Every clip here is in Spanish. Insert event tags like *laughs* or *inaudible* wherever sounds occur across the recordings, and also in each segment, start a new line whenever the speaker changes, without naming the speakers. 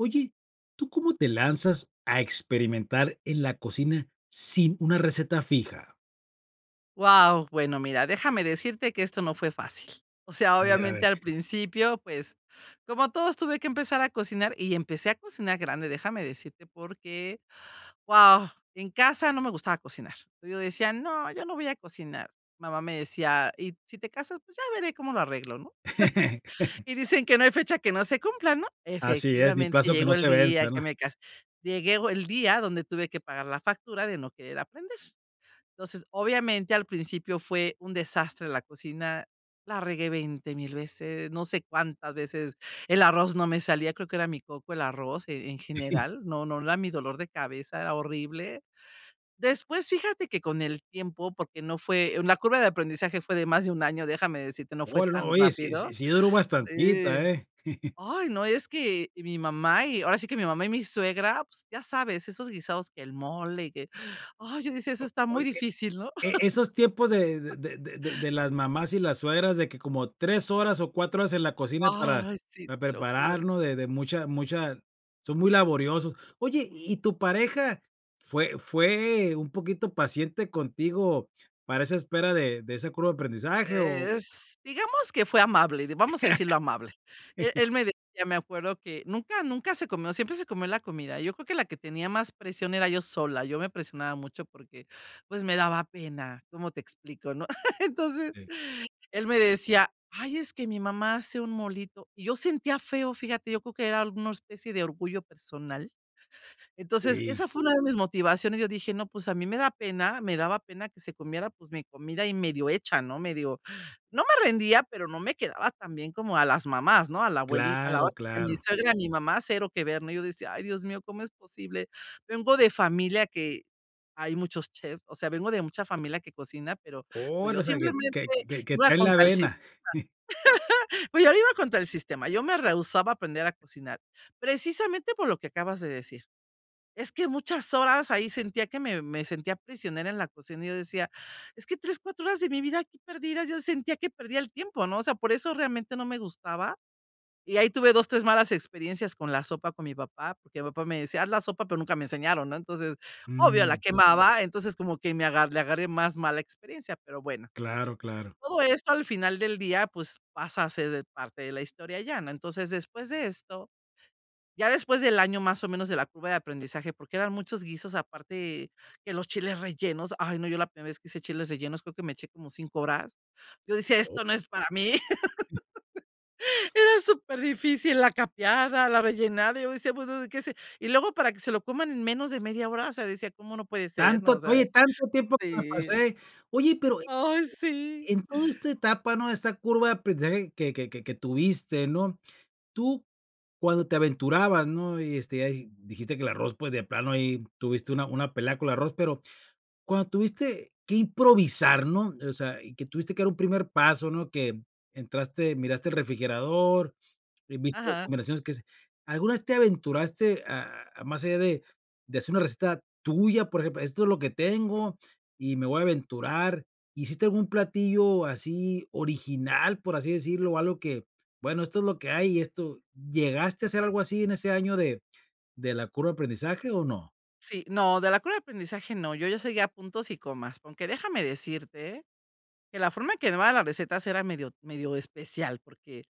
Oye, ¿tú cómo te lanzas a experimentar en la cocina sin una receta fija?
Guau, bueno, mira, déjame decirte que eso no fue fácil. O sea,
A ver, a ver.
obviamente, al principio, pues, como todos, tuve que empezar a cocinar y empecé a cocinar grande. Déjame decirte, porque, guau, en casa no me gustaba cocinar. Yo decía: "No, yo no voy a cocinar". Mamá me decía: "¿Y si te casas?, pues ya veré cómo lo arreglo, ¿no?". *chuckles*
*laughs*
Y dicen que: "No hay fecha que no se cumpla", ¿no?
Así es, ni
Efectivamente,
plazo que
llegó
no
el
se
día
venza, ¿no?
que me casé. Llego el día que tuve que pagar la factura de no querer aprender, entonces, obviamente, al principio fue un desastre la cocina, la regué veinte mil veces, no sé cuántas veces el arroz no me salía, creo que era mi coco el arroz. En en
*chuckles*
general, no, no era mi dolor de cabeza horrible. Después, fíjate que con el tiempo, porque no fue la curva de aprendizaje, fue de más de un año, déjame decirte, no fue
Oh, no,
tan
oye, sí sí
rápido.
sí duró bastantito,
Sí.
eh. *chuckles*
Ay, no, es que mi mamá y ahora sí que mi mamá y mi suegra, pues ya sabes, esos guisados, que el mole y que, ay, yo decía: "Eso
O
está muy
oye,
difícil, ¿no?".
e esos tiempos de
*chuckles*
de de de de las mamás y las suegras de que como 3 horas o 4 horas en la cocina para
Ay, sí,
para
te lo juro.
prepararnos, de de mucha mucha son muy laboriosos. Oye, ¿y tu pareja fue fue un poquito paciente contigo para esa espera de de ese curva de aprendizaje?, o
Es digamos que fue amable, vamos a decirlo amable. E
*laughs*
él me decía, me acuerdo que nunca, nunca se comió, siempre se comió la comida. Yo creo que la que tenía más presión era yo sola, yo me presionaba mucho porque, pues, me daba pena, ¿cómo te explico? ¿No? *chuckles* Entonces,
Sí.
él me decía: "Ay, es que mi mamá hace un molito". Y yo sentía feo, fíjate, yo creo que era alguna especie de orgullo personal. Entonces
Sí.
esa fue una de mis motivaciones. Yo dije: "No, pues a mí me da pena," me daba pena que se comiera, pues mi comida y medio hecha, ¿no? Medio no me rendía, pero no me quedaba tan bien como a las mamás, ¿no? A la abuelita, a la
Claro,
otra, a mi
claro.
suegra, a mi mamá, cero que ver, ¿no? Y yo decía: "Ay, Dios mío, ¿cómo es posible?" Vengo de familia que hay muchos chefs, o sea, vengo de mucha familia que cocina, pero,
Oh,
pues, yo
o sea, que
simplemente
que que
iba a
trae la
contra el sistema.
vena. *chuckles*
*chuckles* Pues, yo iba a contra el sistema, yo me rehusaba aprender a cocinar, precisamente por lo que acabas de decir. Es que muchas horas ahí, sentía que me me sentía prisionera en la cocina y yo decía: "Es que 3, 4 horas de mi vida aquí perdida". Yo sentía que perdía el tiempo, ¿no? O sea, por eso realmente no me gustaba. Y ahí tuve 2, 3 malas experiencias con la sopa con mi papá, porque mi papá me decía: "Haz la sopa", pero nunca me enseñaron, ¿no? Entonces, obvio, la
Mm.
quemaba, entonces, como que me agarré le agarré más mala experiencia, pero bueno.
Claro, claro.
Todo esto, al final del día, pues, pasa a ser parte de la historia ya, ¿no?. Entonces, después de esto, ya después del año más o menos de la curva de aprendizaje, porque eran muchos guisos, aparte que los chiles rellenos, ay no, yo la primera vez que hice chiles rellenos, creo que me eché como 5 horas. Yo decía: "Esto no es para mí". *chuckles* Era superdifícil la capeada, la rellenada, y yo decía: "Bueno, ¿de qué se". Y luego para que se lo coman en menos de media hora, o sea, decía, ¿cómo, no puede ser? No, o
Tanto
sea.
oye tanto tiempo que me
Sí.
pasé, oye, pero
Ay, sí.
en toda esta etapa, ¿no? Esta curva de aprendizaje que que que tuviste ¿no? Tú cuando te aventurabas, ¿no? Y, este, ya dijiste que el arroz, pues, de plano ahí tuviste una una pelea con el arroz, pero cuando tuviste que improvisar, ¿no? O sea, y que tuviste que dar un primer paso, ¿no? Que entraste, miraste el refrigerador y viste las
Ajá.
combinaciones que se alguna vez te aventuraste a a más allá de de hacer una receta tuya, por ejemplo, esto es lo que tengo y me voy a aventurar. ¿Hiciste algún platillo así original, por así decirlo?, algo que, bueno, esto es lo que hay, esto, ¿llegaste a hacer algo así en ese año de de la curva de aprendizaje o no?
Sí, no, de la curva de aprendizaje, no, yo ya seguía puntos y comas, aunque, déjame decirte, que la forma en que me daban las recetas era medio medio especial porque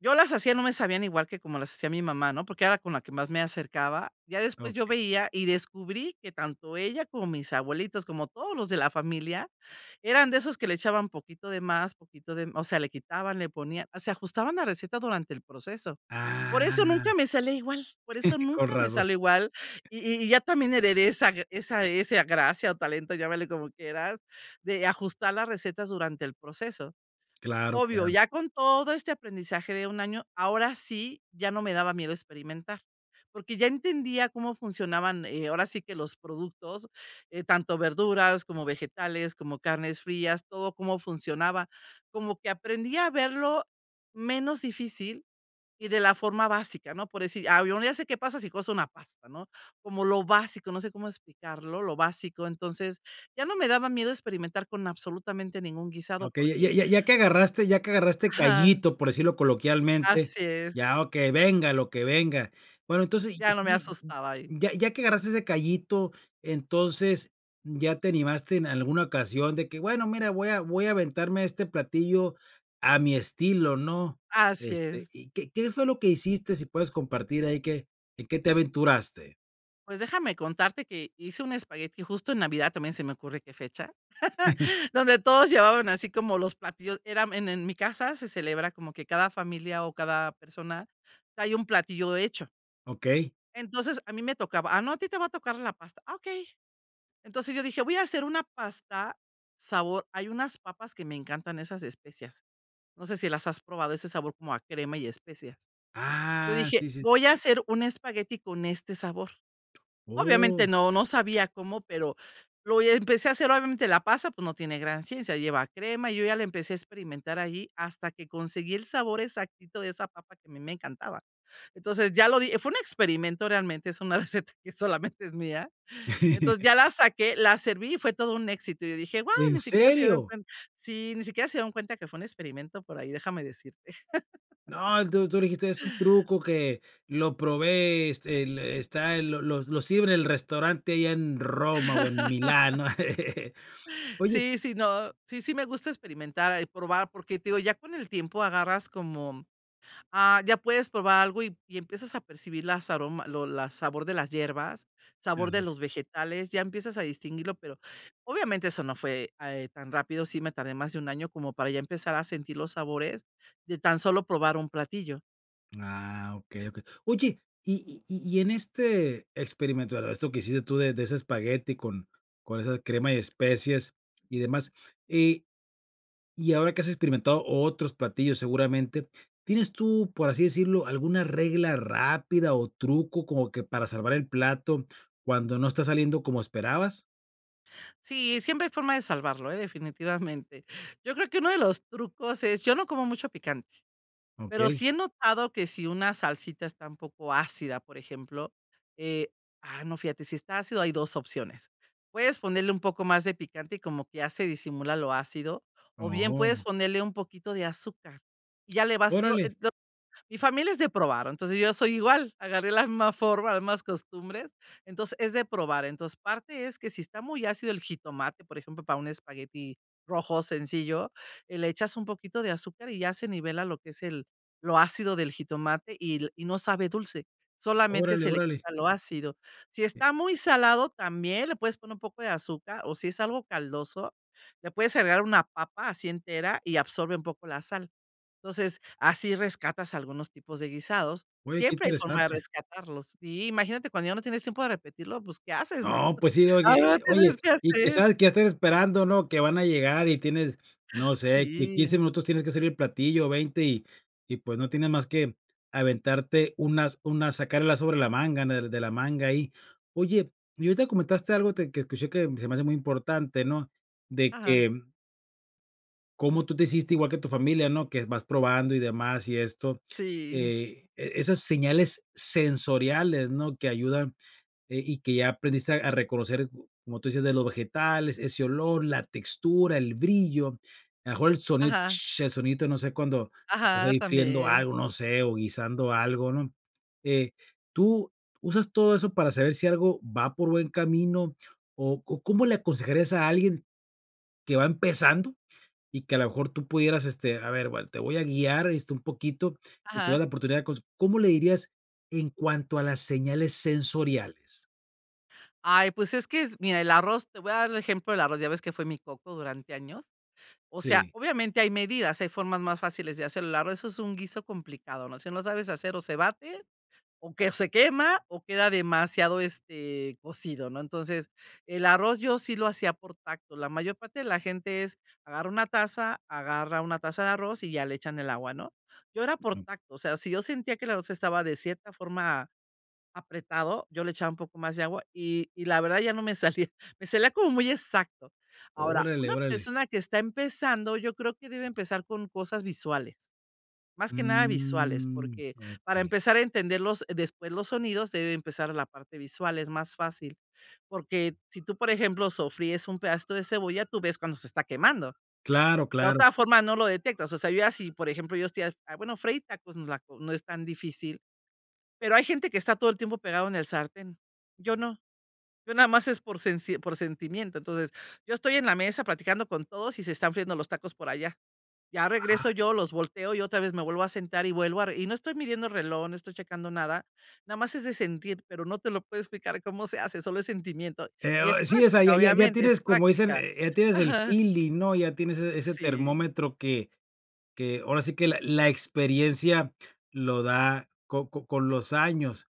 yo las hacía, no me sabían igual que como las hacía mi mamá, ¿no? Porque era con la que más me acercaba. Ya después yo
Okey.
veía y descubrí que tanto ella como mis abuelitos, como todos los de la familia, eran de esos que le echaban poquito de más, poquito de me o sea, le quitaban, le ponían, se ajustaban la receta durante el proceso.
Ah.
Por eso nunca me sale igual, por eso
*chuckles* Con
nunca me
razón.
sale igual. Y y ya también heredé esa esa ese gracia o talento, llámale como quieras, de ajustar las recetas durante el proceso.
Claro,
Obvio,
claro.
ya con todo este aprendizaje de un año, ahora sí ya no me daba miedo experimentar, porque ya entendía cómo funcionaban, eh, ahora sí que los productos, eh, tanto verduras como vegetales, como carnes frías, todo, cómo funcionaba, como que aprendí a verlo menos difícil y de la forma básica, ¿no? Por decir, al menos ya sé qué pasa si coso una pasta, ¿no? Como lo básico, no sé cómo explicarlo, lo básico. Entonces ya no me daba miedo experimentar con absolutamente ningún guisado
Okey, ya
porque
ya ya que agarraste ya que agarraste
Ajá.
cayito, por decirlo coloquialmente.
Así es.
Ya, okey, venga lo que venga. Bueno, entonces, y
Ya no me
*unintelligible*
asustaba ahí.
ya ya que agarraste ese cayito, entonces, ¿ya te animaste en alguna ocasión de que, bueno, mira, voy a voy a aventarme a este platillo a mi estilo, ¿no?
Así
Este,
es.
¿y qué qué fue lo que hiciste? Si puedes compartir ahí, ¿qué en qué te aventuraste?
Pues, déjame contarte que hice un espagueti justo en Navidad, también se me ocurre que fecha,
*giggles*
*chuckles* donde todos llevaban así como los platillos era en en mi casa, se celebra como que cada familia, o, cada persona trae un platillo hecho.
Okey.
Entonces, a mí me tocaba ah, no, a ti te va a tocar la pasta. Ah, okey. Entonces, yo dije: "Voy a hacer una pasta, sabor" hay unas papas que me encantan, esas de especias, ¿no sé si las has probado?, ese sabor como a crema y especias. Yo
Ah,
dije:
sí, sí,
"Voy a
sí.
hacer un espagueti con este sabor".
¡Oh!
Obviamente, no, no sabía cómo, pero lo hi empecé a hacer. Obviamente, la pasta, pues, no tiene gran ciencia, lleva crema, yo ya la empecé a experimentar ahí, hasta que conseguí el sabor exactito de esa papa que a mí me encantaba. Entonces, ya lo di fue un experimento realmente, es una receta que solamente es mía. Entonces,
*giggles*
ya la saqué, la serví, fue todo un éxito, y dije: "Guau,
¿En
ni siquiera se dieron
serio?
cuenta" sí, ni siquiera se dieron cuenta que fue un experimento por ahí, déjame decirte.
No, él,
*chuckles*
tú tú le dijiste: "Es un truco que lo probé, este, le está el lo los los sirven en el restaurante allá en Roma, o, en Milán", ¿no?
*laughs*
*giggles* Oye
Sí, sí, no sí, sí me gusta experimentar, ah, y probar, porque, te digo, ya con el tiempo agarras como ah, ya puedes probar algo, y y empiezas a percibir las aroma lo la sabor de las hierbas, sabor
Así
de
es.
los vegetales, ya empiezas a distinguirlo, pero, obviamente, eso no fue, ah, eh, tan rápido, sí me tardé más de 1 año como para ya empezar a sentir los sabores, de tan solo probar un platillo.
Ah, okey, okey. Oye, y y y y en este experimento, eh, esto que hiciste tú de de ese espagueti con con esa crema de especias y demás, y y ahora que has experimentado otros platillos, seguramente, ¿tienes tú, por así decirlo, alguna regla rápida, o, truco como que para salvar el plato cuando no está saliendo como esperabas?
Sí, siempre hay forma de salvarlo, ¿eh? Definitivamente. Yo creo que uno de los trucos es yo no como mucho picante, pero
Okey.
sí he notado que si una salsita está un poco ácida, por ejemplo, eh ah, no, fíjate, si está ácido hay 2 opciones. Puedes ponerle un poco más de picante y como que ya se disimula lo ácido, o bien puedes
Oh.
ponerle un poquito de azúcar. Ya le vas
Órale.
*unintelligible* mi familia es de probar, entonces yo soy igual, agarré la misma forma, las mismas costumbres. Entonces, es de probar. Entonces, parte es que si está muy ácido el jitomate, por ejemplo, para un espagueti rojo sencillo, eh, le echas un poquito de azúcar y ya se nivela lo que es el lo ácido del jitomate y l y no sabe dulce, solamente
Órale,
se le
órale.
quita lo ácido. Si
Eh.
está muy salado, también le puedes poner un poco de azúcar o si es algo caldoso, le puedes agregar una papa así entera y absorbe un poco la sal. Entonces, así rescatas algunos tipos de guisados.
Oye, qué
Siempre hay forma de
interesante.
rescatarlos. Sí, imagínate cuando ya no tienes tiempo de repetirlo, ¿pues qué haces?, ¿no?,
No, pues sí, oye,
algo
eh, oye
tienes que
y, que
hacer.
sabes qué ya estás esperando, ¿no?, que van a llegar y tienes no sé, que en 15
Sí.
minutos tienes que servir el platillo, o 20, y y, pues, no tienes más que aventarte un as un as sacar el as sobre la manga, en el de la manga, ahí. Oye, y ahorita comentaste algo te que escuché que se me hace muy importante, ¿no? De
Ajá.
que cómo tú te hiciste igual que tu familia, ¿no? Que vas probando y demás y esto,
Sí.
eh, e e esas señales sensoriales, ¿no?, que ayudan, eh, y que ya aprendiste a reconocer, como tú dices, de los vegetales, ese olor, la textura, el brillo, a lo mejor el sonido
Ajá.
sh, el sonidito no sé, cuando estás
Ajá,
ahí friendo
también.
algo, no sé, o guisando algo, ¿no? Eh, tú usas todo eso para saber si algo va por buen camino o o cómo le aconsejarías a alguien que va empezando y que a lo mejor tú pudieras este, a ver, bueno, te voy a guiar, este, un poquito, y te voy a
Ajá.
dar la oportunidad de coc ¿cómo le dirías en cuanto a las señales sensoriales?
Ay, pues es que es mira, el arroz te voy a dar el ejemplo del arroz, ya ves que fue mi coco durante años. O sea,
Sí.
obviamente hay medidas, hay formas más fáciles de hacer el arroz, eso es un guiso complicado, ¿no?, si no sabes hacer, o se bate o que se quema o queda demasiado este, cocido, ¿no? Entonces el arroz yo sí lo hacía por tacto. La mayor parte de la gente es agarra una taza, agarra una taza de arroz y ya le echan el agua, ¿no? Yo era por
No.
tacto, o sea, si yo sentía que el arroz estaba de cierta forma apretado, yo le echaba un poco más de agua y y la verdad ya no me salía, me salía como muy exacto. Ahora,
Órale,
una
órale.
persona que está empezando, yo creo que debe empezar con cosas visuales, más que nada visuales,
Mm.
porque para
Okey.
empezar a entender los después los sonidos debe empezar la parte visual, es más fácil, porque si tú, por ejemplo, sofríes un pedacito de cebolla, tú ves cuando se está quemando.
Claro,
De
claro.
otra forma, no lo detectas. O sea, yo así, por ejemplo, yo estoy ha bueno, freír tacos, no es la co no es tan difícil, pero hay gente que está todo el tiempo pegado en el sartén. Yo no, yo nada más es por por sensi por sentimiento. Entonces, yo estoy en la mesa platicando con todos y se están friendo los tacos por allá. Ya
Ah.
regreso yo, los volteo y otra vez me vuelvo a sentar y vuelvo a re y no estoy midiendo reloj, no estoy checando nada. Nada más es de sentir, pero no te lo puedo explicar cómo se hace, solo es sentimiento
Eh,
y
o
es
e sí, o sea ya
práctica,
ya ya
obviamente, es
tienes como dicen,
práctica.
eh eh, ya tienes el
Ajá.
feeling, ¿no? Ya tienes ese ese
Sí.
termómetro que que, ahora sí que, la la experiencia lo da co co con los años.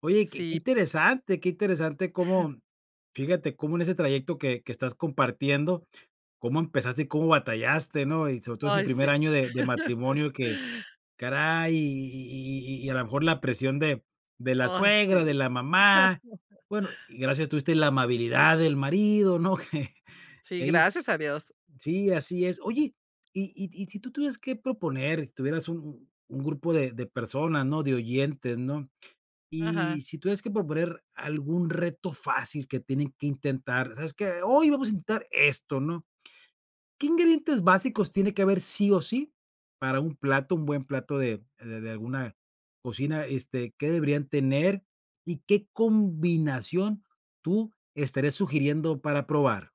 Oye, que que
Sip.
interesante que interesante,
Ajá.
cómo fíjate, cómo en ese trayecto que que estás compartiendo, cómo empezaste, cómo batallaste, ¿no? Y sobre todo ese
Ay,
primer
sí.
año de de matrimonio que
*laughs*
caray, y y y y y a lo mejor la presión de de la
Ay,
suegra, de
sí.
la mamá, bueno, y
*laughs*
gracias a Dios tuviste la amabilidad del marido, ¿no? *laughs* Qué
Sí,
ahí
gracias a Dios.
sí, así es. Oye, y y y si tú tuvieras que proponer tuvieras u u u un grupo de de personas, ¿no?, de oyentes, ¿no? Y
Ajá.
si tuvieras que proponer algún reto fácil que tienen que intentar: "Sabes qué? Hoy vamos a intentar esto", ¿no? ¿Qué ingredientes básicos tiene que haber sí o sí para un plato, un buen plato de de de de alguna cocina, este, ¿qué deberían tener? ¿Y qué combinación tú estarías sugiriendo para probar?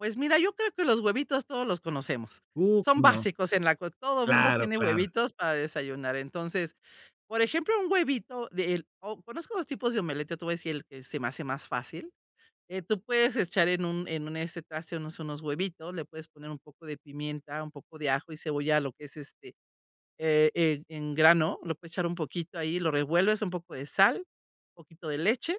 Pues mira, yo creo que los huevitos todos los conocemos,
Uh,
son
¿cómo no?
básicos en la co todo mundo
Claro,
tiene
claro.
huevitos para desayunar, entonces, por ejemplo, un huevito de el o conozco 2 tipos de omelette, yo te voy a decir el que se me hace más fácil. Eh, tú puedes echar en un en un, este, traste, unos unos huevitos, le puedes poner un poco de pimienta, un poco de ajo y cebolla, lo que es, este, e e en grano, lo puedes echar un poquito ahí, lo revuelves, un poco de sal, poquito de leche,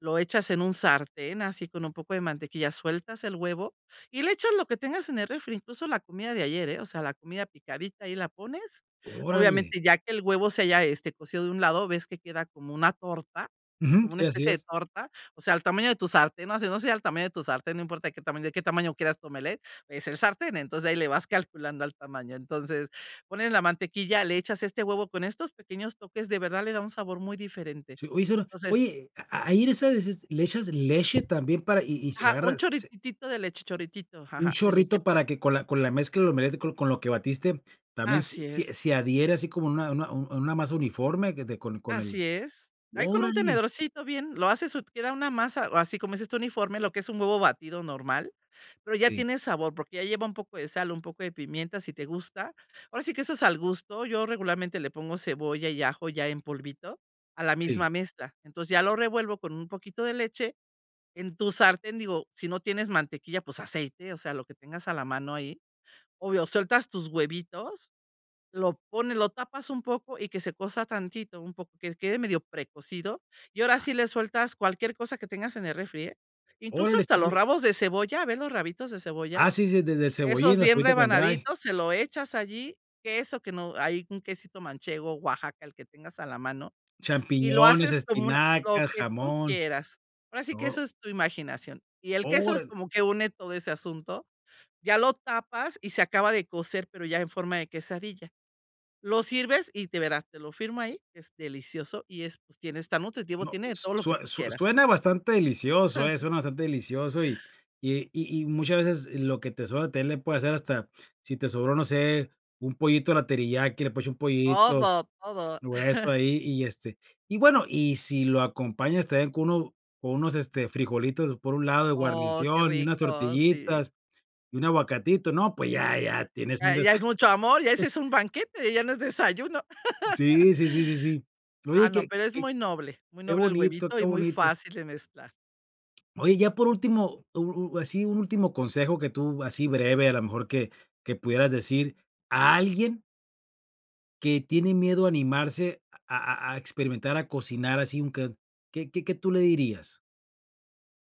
lo echas en un sartén, así con un poco de mantequilla, sueltas el huevo y le echas lo que tengas en el refri, incluso la comida de ayer, eh, o sea, la comida picadita, ahí la pones.
Órale.
Obviamente, ya que el huevo se haya, este, cocido de un lado, ves que queda como una torta,
Ujú,
como una
sí, así
especie de
es.
torta, o sea, al tamaño de tu sartén, ¿no? No, sí, no o sea al tamaño de tu sartén, no importa de qué tamaño de qué tamaño quieras tu omelette, es el sartén, entonces ahí le vas calculando al tamaño, entonces, pones la mantequilla, le echas este huevo con estos pequeños toques, de verdad le da un sabor muy diferente,
Sí, oye, será
o sea, es
oye, a ahí en esa dices le echas leche también para y y se
Ajá,
agarra,
un
se.
chorrititito de leche chorritito,
Un
ajá, de leche.
chorrito para que con la con la mezcla lo mezclo con lo que batiste también s
Así
si
es.
se adhiere así como en una una en en una masa uniforme que de con con el
Así es. Ahí con un
¡Órale!
tenedorcito bien, lo haces, y queda una masa, o así como dices tú, uniforme, lo que es un huevo batido normal, pero ya
Sí.
tiene sabor, porque ya lleva un poco de sal, un poco de pimienta, si te gusta. Ahora sí que eso es al gusto, yo regularmente le pongo cebolla y ajo ya en polvito a la
Sí.
misma mezcla, entonces ya lo revuelvo con un poquito de leche. En tu sartén, digo, si no tienes mantequilla, pues aceite, o sea, lo que tengas a la mano ahí, obvio, sueltas tus huevitos, lo pones, lo tapas un poco y que se cueza tantito, un poco, que quede medio precocido. Y ahora
Ajá.
sí le sueltas cualquier cosa que tengas en el refri, eh. Incluso
Órale,
hasta
está
los
muy
rabos de cebolla, a ver los rabitos de cebolla,
Ah sí, sí de del
esos
cebollín, la
bien
cebollita cambray.
rebanaditos, se lo echas allí, queso que no ahí un quesito manchego, Oaxaca, el que tengas a la mano, y lo
Champiñones,
haces como un lo
espinacas,
que tú
jamón,
quieras. Ahora sí que
todo.
eso es tu imaginación y el queso es
Órale.
como que une todo ese asunto, ya lo tapas y se acaba de cocer, pero ya en forma de quesadilla. Lo sirves y de veras, te lo firmo ahí, es delicioso y es pues tiene está nutritivo,
No,
tiene de
s
todo lo que
sue
tú
sue
quieras.
suena bastante delicioso, eh,
*chuckles*
suena bastante delicioso, y y y y muchas veces lo que te sobra también le puede hacer hasta sí te sobró, no sé, un pollito a la teriyaki, le puedes echar un pollito
Todo, todo.
o eso
*chuckles*
ahí, y este y bueno, y si lo acompañas también con uno con unos, este, frijolitos por un lado de
Oh, qué
guarnición, y unas
rico, sí.
tortillitas y un aguacatito, no, pues ya ya tienes un
Ya,
desa
ya es mucho amor, ya ese es un
*chuckles*
banquete, ya no es desayuno.
Sí, sí, sí, sí, sí.
*laughs* Ah,
Oye,
no,
que
pero es
que
muy noble, muy
que
noble el
bonito,
huevito
que
y muy
bonito.
fácil de mezclar.
Oye, ya por último, u u así un último consejo que tú, así breve, a lo mejor, que que pudieras decir, a alguien que tiene miedo a animarse a a a experimentar, a cocinar así, un c ¿qué qué qué tú le dirías?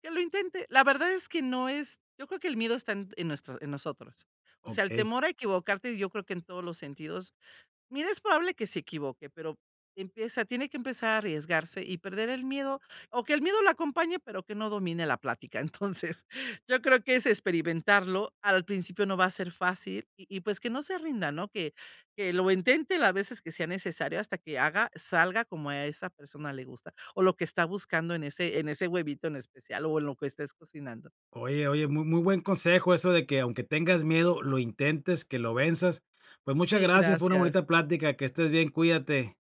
Que lo intente, la verdad es que no es yo creo que el miedo está en en nuestro en nosotros. O sea, el
Okey.
temor a equivocarte, yo creo que en todos los sentidos, mira, es probable que se equivoque, pero que empiece, tiene que empezar a arriesgarse y perder el miedo o que el miedo lo acompañe, pero que no domine la plática, entonces, yo creo que es experimentarlo. Al principio no va a ser fácil y y pues que no se rinda, ¿no? Que que lo intente la veces que sea necesario hasta que haga salga como a esa persona le gusta o lo que está buscando en ese en ese huevito en especial, o en lo que estés cocinando.
Oye, oye, muy muy buen consejo eso de que aunque tengas miedo, lo intentes, que lo venzas. Pues, muchas
Sí,
gracias, fue una
gracias.
bonita plática, que estés bien, cuídate.